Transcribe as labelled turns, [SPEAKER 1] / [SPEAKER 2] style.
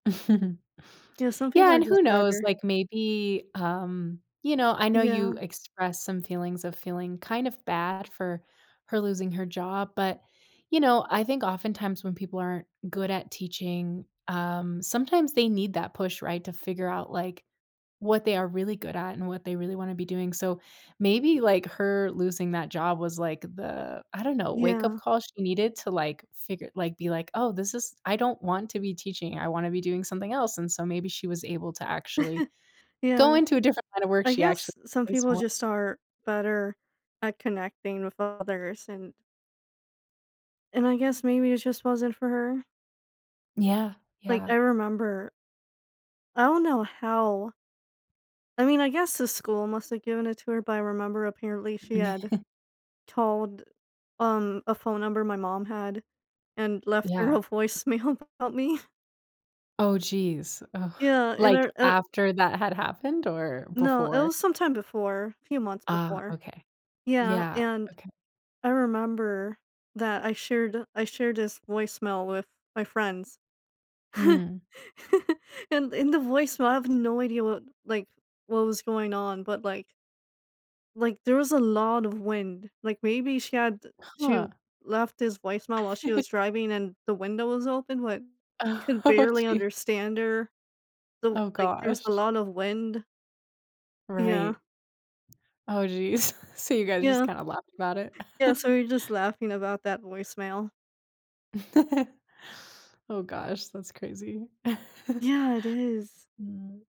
[SPEAKER 1] Yeah, some people
[SPEAKER 2] Yeah
[SPEAKER 1] are
[SPEAKER 2] and, who
[SPEAKER 1] just
[SPEAKER 2] knows,
[SPEAKER 1] better.
[SPEAKER 2] like, maybe, um you know, I know you
[SPEAKER 1] Yeah.
[SPEAKER 2] expressed some feelings of feeling kind of bad for her losing her job, but, you know, I think oftentimes when people aren't good at teaching, um, sometimes they need that push, right, to figure out, like, what they are really good at and what they really wanna be doing. So, maybe, like, her losing that job was, like, the, I don't know, wake up
[SPEAKER 1] Yeah.
[SPEAKER 2] call she needed to, like, figure like, be like, "Oh, this is I don't want to be teaching, I wanna be doing something else," and so maybe she was able to actually go
[SPEAKER 1] Yeah.
[SPEAKER 2] into a different kind of work
[SPEAKER 1] I
[SPEAKER 2] she actually
[SPEAKER 1] guess some
[SPEAKER 2] likes
[SPEAKER 1] people
[SPEAKER 2] more.
[SPEAKER 1] just are better at connecting with others and and I guess maybe it just wasn't for her.
[SPEAKER 2] Yeah.
[SPEAKER 1] Like,
[SPEAKER 2] Yeah.
[SPEAKER 1] I remember I don't know how I mean, I guess the school must have given it to her, but I remember apparently she had told, um, a phone number my mom had and left her
[SPEAKER 2] Yeah.
[SPEAKER 1] a voicemail about me.
[SPEAKER 2] Oh, jeez. Oh,
[SPEAKER 1] Yeah, and I
[SPEAKER 2] like,
[SPEAKER 1] r u
[SPEAKER 2] after that had happened or
[SPEAKER 1] No, it
[SPEAKER 2] before?
[SPEAKER 1] was some time before, a few months
[SPEAKER 2] Ah,
[SPEAKER 1] before.
[SPEAKER 2] okay.
[SPEAKER 1] Yeah,
[SPEAKER 2] Yeah.
[SPEAKER 1] and
[SPEAKER 2] Okay.
[SPEAKER 1] I remember that I shared I shared this voice mail with my friends,
[SPEAKER 2] Mm.
[SPEAKER 1] and, in the voice mail, I have no idea what like, what was going on but, like like, there was a lot of wind, like, maybe she had she
[SPEAKER 2] Huh.
[SPEAKER 1] left this voicemail while she was driving and the window was open, like, you could
[SPEAKER 2] Oh,
[SPEAKER 1] barely
[SPEAKER 2] gee.
[SPEAKER 1] understand her, so,
[SPEAKER 2] Oh,
[SPEAKER 1] like, there was a
[SPEAKER 2] gosh.
[SPEAKER 1] lot of wind. Yeah.
[SPEAKER 2] Right. Oh, jeez. So, you guys just
[SPEAKER 1] Yeah.
[SPEAKER 2] kinda laughed about it.
[SPEAKER 1] Yeah, so we're just laughing about that voicemail.
[SPEAKER 2] Oh, gosh. That's crazy.
[SPEAKER 1] Yeah, it is.
[SPEAKER 2] Mm.